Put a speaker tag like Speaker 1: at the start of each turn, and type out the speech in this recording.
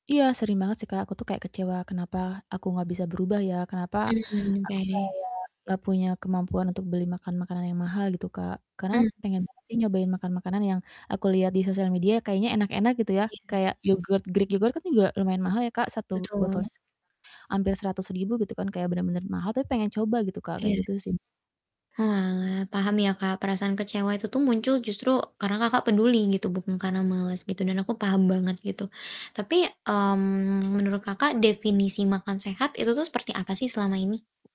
Speaker 1: Iya, sering banget sih, Kak, aku tuh kayak kecewa, kenapa aku nggak bisa berubah ya, kenapa
Speaker 2: Mmm,
Speaker 1: aku
Speaker 2: oke.
Speaker 1: kayak nggak punya kemampuan untuk beli makan makanan yang mahal, gitu, Kak. Karena
Speaker 2: Mmm.
Speaker 1: pengen banget sih, nyobain makan makanan yang aku liat di sosial media, kayaknya enak-enak, gitu ya,
Speaker 2: Iya.
Speaker 1: kayak yogurt, greek yogurt, kan juga lumayan mahal ya, Kak, 1
Speaker 2: Betul.
Speaker 1: botolnya sekitar hampir Rp100.000, gitu kan, kayak bener-bener mahal, tapi pengen coba, gitu, Kak, kayak
Speaker 2: Iya.
Speaker 1: gitu, sih.
Speaker 2: Oalah, paham ya, Kak, perasaan kecewa itu tuh muncul justru karena Kakak peduli, gitu, bukan karena malas, gitu, dan aku paham banget, gitu. Tapi, mmm, menurut Kakak definisi makan sehat itu seperti apa sih selama ini?